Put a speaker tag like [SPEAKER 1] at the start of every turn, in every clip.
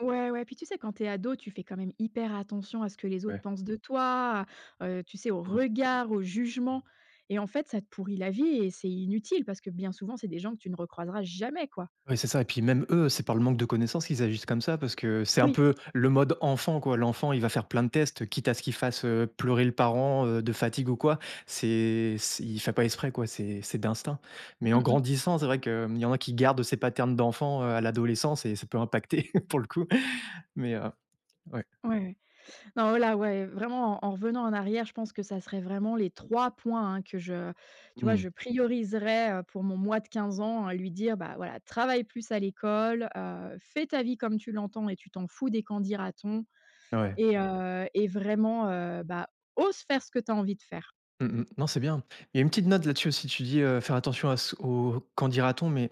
[SPEAKER 1] Ouais, ouais, puis tu sais quand tu es ado, tu fais quand même hyper attention à ce que les autres
[SPEAKER 2] Ouais.
[SPEAKER 1] pensent de toi. Heu, tu sais au
[SPEAKER 2] Mmh.
[SPEAKER 1] regard, au jugement et en fait ça te pourrit la vie et c'est inutile parce que bien souvent c'est des gens que tu ne re-croiseras jamais quoi.
[SPEAKER 2] Ouais c'est ça et puis même eux, c'est par le manque de connaissances qu'ils agissent comme ça parce que c'est un
[SPEAKER 1] Oui.
[SPEAKER 2] peu le mode enfant quoi, l'enfant il va faire plein de tests quitte à ce qu'il fasse, heu, pleurer le parent, heu, de fatigue ou quoi. C'est c il fait pas exprès quoi, c'est c'est d'instinct mais en
[SPEAKER 1] Mmh mh.
[SPEAKER 2] grandissant, c'est vrai qu'il y en a qui gardent ces paternes d'enfants, heu, à l'adolescence et ça peut impacter pour le coup mais heu, ouais.
[SPEAKER 1] Ouais, ouais, non oh là, ouais, vraiment en en revenant en arrière, je pense que ça serait vraiment les 3 points hein, que je tu vois
[SPEAKER 2] Mmh.
[SPEAKER 1] je prioriserais, heu, pour mon moi de 15 ans, à lui dire, bah voilà: «Travaille plus à l'école, heu, fais ta vie comme tu l'entends et tu t'en fous des qu'en dira-t-on
[SPEAKER 2] Ouais.
[SPEAKER 1] et heu et vraiment, heu, bah, ose faire ce que tu as envie de faire!».
[SPEAKER 2] Mmh mh. Non c'est bien. Il y a une petite note là-dessus aussi. Tu dis, heu, faire attention à ce au qu'en dira-t-on mais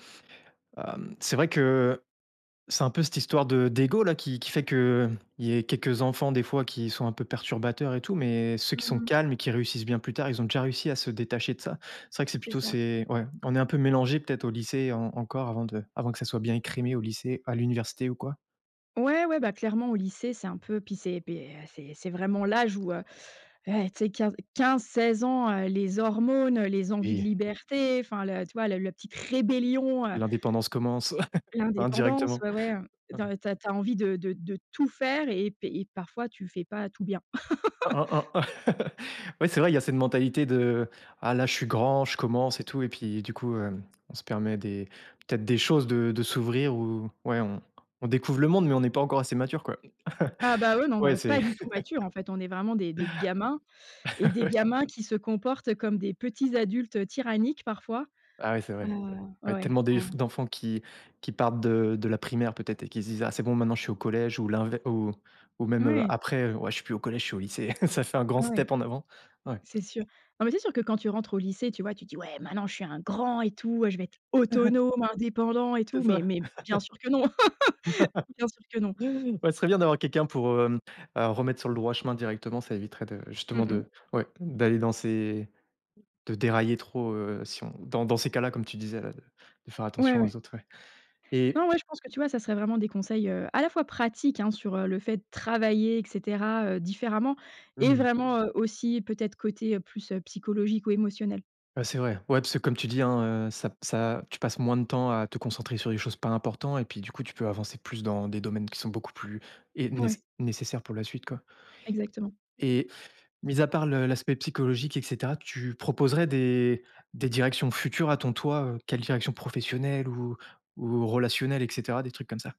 [SPEAKER 2] hem, c'est vrai que c'est un peu cette histoire de d'ego, là, qui qui fait qu'il y ait quelques enfants des fois qui sont un peu perturbateurs et tout mais ceux qui
[SPEAKER 1] Mmh
[SPEAKER 2] sont
[SPEAKER 1] mh.
[SPEAKER 2] calmes et qui réussissent bien plus tard, ils ont déjà réussi à se détacher de ça. C'est vrai que c'est
[SPEAKER 1] C'est
[SPEAKER 2] plutôt
[SPEAKER 1] ça.
[SPEAKER 2] c'est ouais, on est un peu mélangés peut-être au lycée en encore avant de avant que ça soit bien écrémé au lycée à l'université ou quoi.
[SPEAKER 1] Ouais, ouais, bah clairement, au lycée, c'est un peu puis c'est beh, heu, c'est c'est vraiment l'âge où, heu, eh tu sais 15-15-16 ans, heu, les hormones, les envies de
[SPEAKER 2] Oui.
[SPEAKER 1] liberté, enfin le tu vois le le petite rébellion, heu
[SPEAKER 2] L'indépendance commence,
[SPEAKER 1] l'indépendance,
[SPEAKER 2] indirectement,
[SPEAKER 1] ouais, ouais, heu, tu
[SPEAKER 2] ouais.
[SPEAKER 1] as tu as envie de de de tout faire et pé et parfois tu fais pas tout bien.
[SPEAKER 2] Oh oh oh. Ouais c'est vrai il y a cette mentalité de ah là je suis grand, je commence et tout et puis du coup heu, on se permet des peut-être des choses, de de s'ouvrir ou ouais on on découvre le monde, mais on est pas encore assez mature quoi.
[SPEAKER 1] Ah bah oui, non, on
[SPEAKER 2] Ouais
[SPEAKER 1] est
[SPEAKER 2] c'est
[SPEAKER 1] pas du tout matures en fait, on est vraiment des des gamins et des
[SPEAKER 2] Ouais.
[SPEAKER 1] gamins qui se comportent comme des petits adultes tyranniques parfois.
[SPEAKER 2] Ah ouais c'est
[SPEAKER 1] Heu,
[SPEAKER 2] vrai. Il
[SPEAKER 1] ouais
[SPEAKER 2] y a
[SPEAKER 1] ouais,
[SPEAKER 2] tellement des
[SPEAKER 1] en
[SPEAKER 2] d'enfants qui qui partent de de la primaire peut-être et qui se disent: «Aah c'est bon, maintenant je suis au collège» ou l'inve ou ou même heu
[SPEAKER 1] Ouais.
[SPEAKER 2] après: «Ouais je suis plus au collège, je suis au lycée» ça fait un grand
[SPEAKER 1] Ah ouais.
[SPEAKER 2] step en avant, ouais.
[SPEAKER 1] C'est sûr. Non mais c'est sûr que quand tu rentres au lycée, tu vois, tu te dis: «ouais maintenant je suis un grand et tout, heu, ouais je vais être autonome, indépendant et
[SPEAKER 2] C'est
[SPEAKER 1] tout». Mais
[SPEAKER 2] ça.
[SPEAKER 1] mais bien sûr que non. Bien sûr que non.
[SPEAKER 2] Ouais, ce serait bien d'avoir quelqu'un pour, heu, remettre sur le droit chemin directement, ça éviterait de
[SPEAKER 1] Mmh
[SPEAKER 2] justement
[SPEAKER 1] mh.
[SPEAKER 2] de ouais, d'aller dans ces de dérailler trop, heu, si on dans dans ces cas-là comme tu disais là de de faire
[SPEAKER 1] Ouais,
[SPEAKER 2] attention
[SPEAKER 1] ouais.
[SPEAKER 2] aux autres, ouais
[SPEAKER 1] Non,
[SPEAKER 2] et
[SPEAKER 1] ouais je pense que tu vois, ça serait vraiment des conseils, heu, à la fois pratiques hein, sur le fait travailler et cetera, heu, différemment
[SPEAKER 2] Mmh
[SPEAKER 1] et
[SPEAKER 2] mh.
[SPEAKER 1] vraiment heu, aussi peut-être côté, heu, plus, heu, psychologique ou émotionnel.
[SPEAKER 2] Ouais c'est vrai. Ouais, parce que comme tu dis hein, heu, ça p ça tu passes moins de temps à te concentrer sur les choses pas importants et puis du coup tu peux avancer plus dans des domaines qui sont beaucoup plus et néce
[SPEAKER 1] Ouais.
[SPEAKER 2] nécessaires pour la suite quoi.
[SPEAKER 1] Exactement.
[SPEAKER 2] Et mis à part le l'aspect psychologique et cetera, tu proposerais des des directions futures à ton toi? Heu, quelle direction professionnelle ou ou relationnelle et cetera, des trucs comme ça?